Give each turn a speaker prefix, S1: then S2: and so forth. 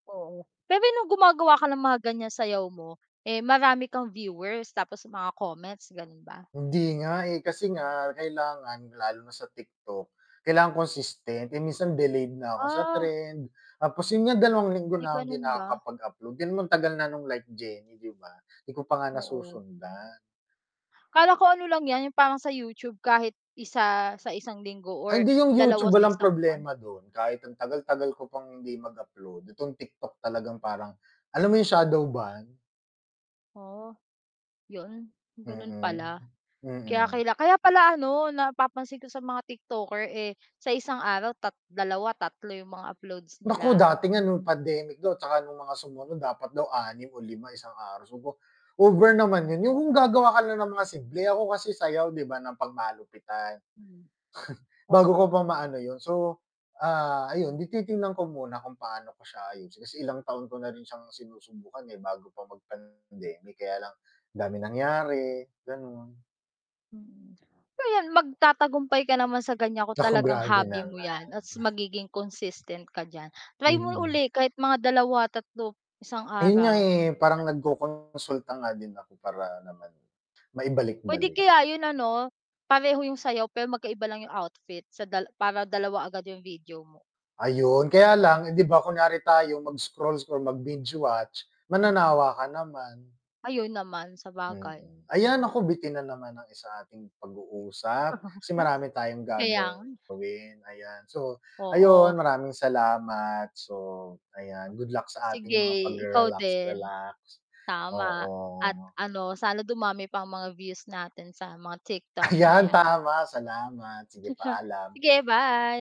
S1: Oo. Pero nung gumagawa ka ng mga ganyan sayaw mo, eh, marami kang viewers tapos mga comments ganun ba?
S2: Hindi nga eh, kasi nga kailangan lalo na sa TikTok, kailangan consistent, eh, minsan delayed na ako sa
S1: Ah.
S2: trend, tapos yun nga 2 linggo
S1: Ay,
S2: na hindi
S1: ganon ba?
S2: nakakapag-upload, then matagal na nung like Jenny di ba, di ko pa nga
S1: Oo.
S2: nasusundan.
S1: Akala ko ano lang yan yung parang sa YouTube kahit isa sa 1 linggo
S2: Ay,
S1: or
S2: hindi yung YouTube
S1: 2 sa
S2: walang
S1: 1 buwan.
S2: problema dun, kahit ang tagal-tagal ko pang hindi mag-upload itong TikTok talagang parang alam mo yung shadow banned?
S1: Oh. Yun, ganun
S2: Mm,
S1: pala. Kaya
S2: mm.
S1: kaila kaya pala ano napapansin ko sa mga TikToker eh sa isang araw tat 2, 3 yung mga uploads
S2: Naku,
S1: nila.
S2: dati nga nung pandemic daw 'tsaka nung mga sumunod dapat daw 6 o 5, isang araw. Over naman yun, yung kung gagawa ka na ng mga simple ako kasi sayaw di ba ng pang-malupitan.
S1: Hmm.
S2: bago ko
S1: Oo.
S2: pa maano yun so ah, ayun 'di titignan ko muna kung paano ko siya ayusin kasi ilang taon ko na rin siyang sinusubukan eh, bago pa mag-pandemic kaya lang, daming nangyari, ganon.
S1: Mm, well mag-tatagumpay ka naman sa ganyan kung
S2: Nako
S1: talagang
S2: grabe
S1: hobby mo yan
S2: naman.
S1: at magiging consistent ka diyan, try mo
S2: Mm.
S1: ulit kahit mga 2, 3 isang
S2: Ayun nga
S1: araw.
S2: eh, parang nagkokonsulta nga din ako para naman
S1: Puwede
S2: maibalik-balik.
S1: kaya yun ano, pareho yung sayaw pero magkaiba lang yung outfit sa dal para 2 agad yung video mo.
S2: Ayun, kaya
S1: Mhm.
S2: lang eh 'di ba kunyari tayo mag scroll-scroll or mag binge watch mananawa ka naman.
S1: Ayun naman, sabagay.
S2: Mm, ayan
S1: Mhm.
S2: nako bitin na naman sa ating pag-uusap, kasi marami tayong
S1: kaya nga.
S2: gagawin ayan, so,
S1: Oo.
S2: ayun maraming salamat, so, ayan good luck sa ating
S1: Sige,
S2: mga
S1: ikaw din.
S2: pag-rerelax-relax,
S1: Tama. At
S2: oo.
S1: ano, sana dumami pa ang mga views natin sa mga TikTok na
S2: Ayan
S1: yan.
S2: tama salamat, sige paalam.
S1: Sige, bye.